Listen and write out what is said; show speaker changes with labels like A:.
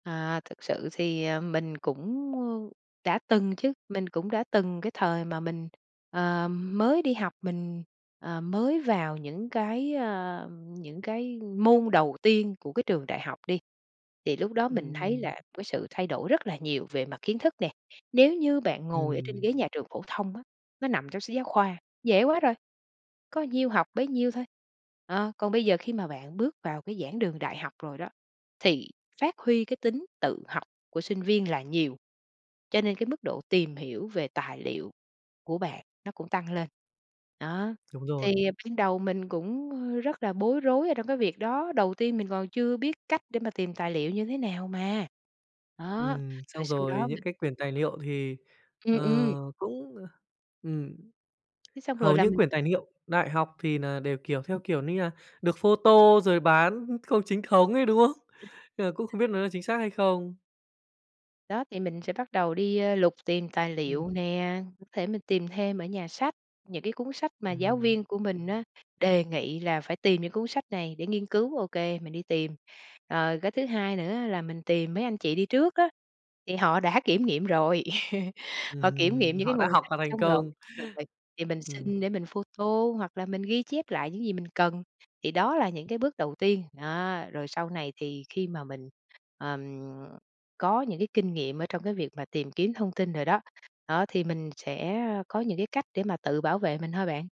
A: À, thực sự thì, ờ, mình cũng, ơ, đã từng chứ, mình cũng đã từng cái thời mà mình, ờ, mới đi học, mình, ờ, mới vào những cái, a, những cái môn đầu tiên của cái trường đại học đi, thì lúc đó mình thấy
B: Ừm.
A: là cái sự thay đổi rất là nhiều về mặt kiến thức nè. Nếu như bạn ngồi ở trên
B: Ừm.
A: ghế nhà trường phổ thông á, nó nằm trong sách giáo khoa, dễ quá rồi, có nhiêu học bấy nhiêu thôi. Ờ, còn bây giờ khi mà bạn bước vào cái giảng đường đại học rồi đó, thì phát huy cái tính tự học của sinh viên là nhiều, cho nên cái mức độ tìm hiểu về tài liệu của bạn nó cũng tăng lên. Đó,
B: Đúng rồi.
A: thì ban đầu mình cũng, ơ, rất là bối rối ở trong cái việc đó, đầu tiên mình còn chưa biết cách để mà tìm tài liệu như thế nào mà. Đó,
B: Ừm,
A: rồi
B: xong
A: sau
B: rồi
A: đó mình
B: những cái quyền tài
A: [unintelligible]
B: liệu thì,
A: Ừm
B: ờ,
A: ừm.
B: cũng, ừm,
A: Cái xong rồi
B: hầu
A: là
B: như
A: mình
B: quyền tài niệu đại học thì nà đều, kiểu, theo
A: Ừm.
B: kiểu như là được photo rồi bán không chính thống ấy, đúng không? Nên là cũng không biết nó là chính xác hay không.
A: Đó, thì mình sẽ bắt đầu đi, ơ, lục tìm tài
B: Ừm.
A: liệu nè, [unintelligible] thể mình tìm thêm ở nhà sách, những cái cuốn sách mà giáo
B: Ừm.
A: viên của mình á, đề nghị là phải tìm những cuốn sách này để nghiên cứu, ô kê, mình đi tìm. Rồi cái thứ hai nữa là mình tìm mấy anh chị đi trước đó, thì họ đã kiểm nghiệm rồi, họ kiểm
B: Ừm,
A: nghiệm những cái
B: họ đã
A: nguồn
B: học
A: sách
B: và thành
A: xong rồi,
B: công.
A: rồi mình thì mình
B: Ừm.
A: xin để mình photo hoặc là mình ghi chép lại những gì mình cần. Thì đó là những cái bước đầu tiên, đó, rồi sau này thì khi mà mình, ừm, có những cái kinh nghiệm ở trong cái việc mà tìm kiếm thông tin rồi đó, đó thì mình sẽ có những cái cách để mà tự bảo vệ mình thôi bạn.